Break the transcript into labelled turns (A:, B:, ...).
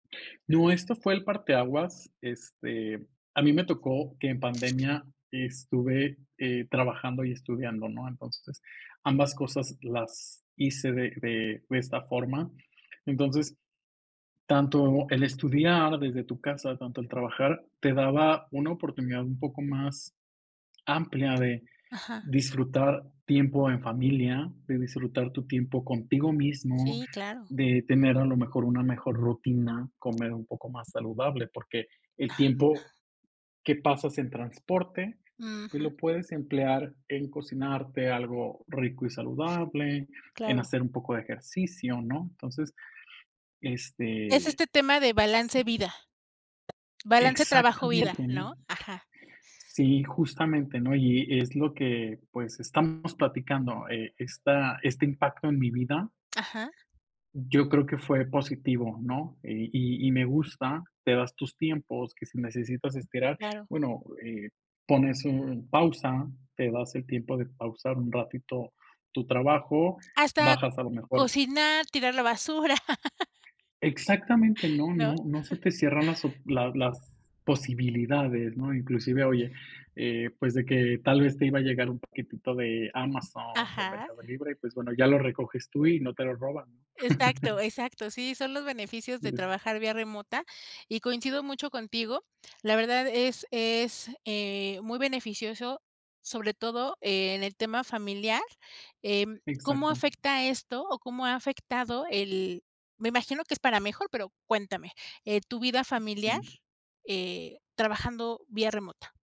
A: No, esto fue el parteaguas. Este, a mí me tocó que en pandemia estuve, eh, trabajando y estudiando, ¿no? Entonces, ambas cosas las hice de de de esta forma. Entonces, tanto el estudiar desde tu casa, tanto el trabajar, te daba una oportunidad un poco más amplia de
B: Ajá.
A: disfrutar tiempo en familia, de disfrutar tu tiempo contigo mismo,
B: Sí, claro.
A: de tener a lo mejor una mejor rutina, comer un poco más saludable, porque el tiempo que pasas en transporte, pues
B: Ujú.
A: lo puedes emplear en cocinarte algo rico y saludable, en
B: Claro.
A: hacer un poco de ejercicio, ¿no? Entonces,
B: Es
A: este,
B: este tema de
A: es
B: balance
A: así.
B: vida, balance trabajo, vida,
A: Exactamente, ¿no?
B: ¿no? Ajá.
A: Sí, justamente, ¿no? Y es lo que, pues estamos platicando, eh, esta este impacto en mi vida
B: Ajá.
A: yo creo que fue positivo, ¿no? Y y y me gusta. Te das tus tiempos, que si necesitas esperar,
B: Claro.
A: bueno, eh, pones un pausa, te das el tiempo de pausar un ratito tu trabajo,
B: Hasta
A: bajas a lo mejor
B: cocinar, tirar la basura.
A: Exactamente. No
B: ¿No?
A: no no se te cierran las op las las posibilidades, ¿no? Inclusive, oye, eh, pues de que tal vez te iba a llegar un paquetito de Amazon, de
B: Ajá.
A: Mercado Libre, pues bueno, ya lo recoges tú y no te lo roban.
B: Exacto, exacto. Sí, son los beneficios de
A: [unintelligible]
B: trabajar vía remota y coincido mucho contigo. La verdad es es, eh, muy beneficioso, sobre todo en el tema familiar, em, ¿cómo
A: Exacto.
B: afecta esto o cómo ha afectado el me imagino que es para mejor, pero cuéntame, eh, tu vida
A: Mm,
B: familiar,
A: sí.
B: eh, trabajando vía remota?